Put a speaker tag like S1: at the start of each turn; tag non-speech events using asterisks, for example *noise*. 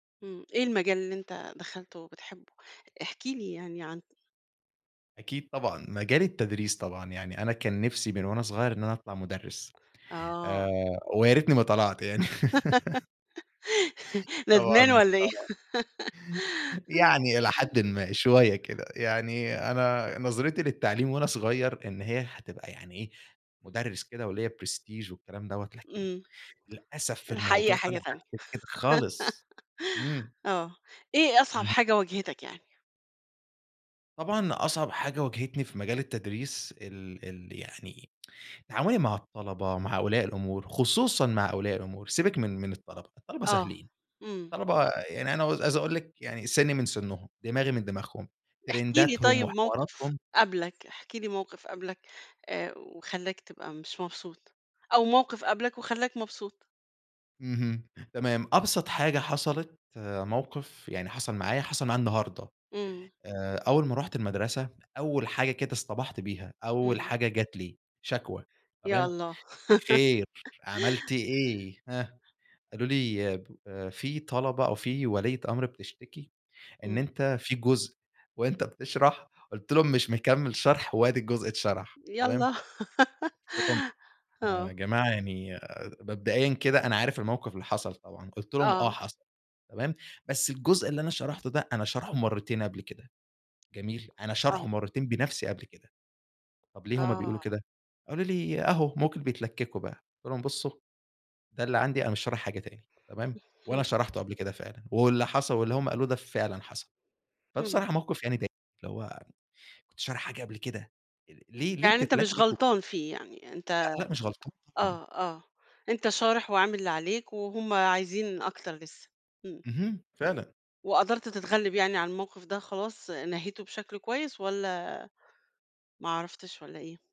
S1: إمم، إيه المجال اللي أنت دخلته وبتحبه؟ احكِ لي يعني عنه.
S2: أكيد طبعًا، مجالي التدريس طبعًا، يعني أنا كان نِفْسي من وأنا صغير إن أنا أطلع مدرس آآ،
S1: آه.
S2: ويا ريتني ما طلعت يعني. *laughs*
S1: *laughs* ندْمان
S2: طبعًا
S1: والّا إيه؟
S2: آه، يعني إلى حَدٍّ
S1: *laughs*
S2: ما، شوية كده، يعني أنا نظرتي للتعليم وأنا صغير إن هي هتبقى يعني إيه مدرس كده وليّا prestige والكلام دَوّة لكن
S1: إمم،
S2: للأسف الموضوع
S1: الحقيقة حاجة
S2: طلع
S1: تانية،
S2: غير كده خالص، إمم.
S1: *laughs* آه، إيه أصعب
S2: اهم.
S1: حاجة وجهتك يعني؟
S2: طبعًا، أصعب حاجة واجهتني في مجال التدريس ال ال يعني تعاملي مع الطلبة مع أولياء الأُمُور، خصوصًا مع أولياء الأُمُور سيْبِك من من الطلبة الطلبة
S1: آه،
S2: سهلين،
S1: إمم.
S2: الطلبة يعني أنا عايز أقول لِك، يعني سِنّي من سنّهم، دماغي من دماغهم
S1: احكِ لي
S2: ترنْداتهم
S1: طيب موقف
S2: وحِواراتهم.
S1: قابْلك، احكِ لي موقف قابْلك آآ، وخلّاك تبقى مش مبسوط أو موقف قابْلك وخلّاك مبسوط؟
S2: إمم، تمام، أبْسط حاجة حصلت آآ، موقف يعني حصل معايا حصل معي النهارده
S1: إمم.
S2: آآ، أول ما رُحت المَدْرسة أول حاجة كده اصْطَبَحْت بيها أول
S1: إمم.
S2: حاجة جات لي شكْوى،
S1: يا
S2: تمام
S1: الله.
S2: خير عملت
S1: *laughs*
S2: إيه؟ هاه؟ قالوا لي آآ، في طلبة أو في وليّة أمر بتشتكي إن
S1: إمم.
S2: أنت في جزء وأنت بتَشْرح قُلت لهم مش مكمّل شرْح وأدي الجزء اتْشَرح تمام؟
S1: يلّا
S2: قُلت لهم:
S1: *laughs*
S2: يا
S1: آه.
S2: جماعة يعني مبدئيًا كده أنا عارف الموقف اللي حصل طبعًا قُلت لهم: "آه
S1: آه.
S2: حصل تمام بس الجزء اللي أنا شَرَحْته ده أنا شَرْحه مرتين قبل كده، جميل أنا
S1: آه.
S2: شَرْحه مرتين بنَفْسي قبل كده طب ليه هُم بيقولوا
S1: آه.
S2: كده؟" قالوا لي: "أهو ممكن بيتْلكّكوا بقى" قُلت لهم: "بُصّوا ده اللي عندي أنا مش شارِح حاجة تاني تمام؟" وأنا
S1: إمم.
S2: شَرَحْته قبل كده فعلًا واللي حصل واللي هم قالوه ده فعلًا حصل،
S1: إمم.
S2: فبصراحة موْقف يعني بايخ اللي هو كنت شارِح حاجة قبل كده ليه ليه
S1: يعني أنت مش
S2: بيتْلكّكوا.
S1: غلطان فيه يعني؟
S2: لأ،
S1: أنت
S2: لأ، مش غلطان طبعًا.
S1: آه، آه، أنت شارِح وعامل اللي عليك وهُم عايزين أكتر لسه، إمم.
S2: اهم. فعلًا.
S1: وقدرت تتغلِّب يعني على الموقف ده خلاص نَهيْته بشكْل كويس، والّا ما عرفتش والّا إيه؟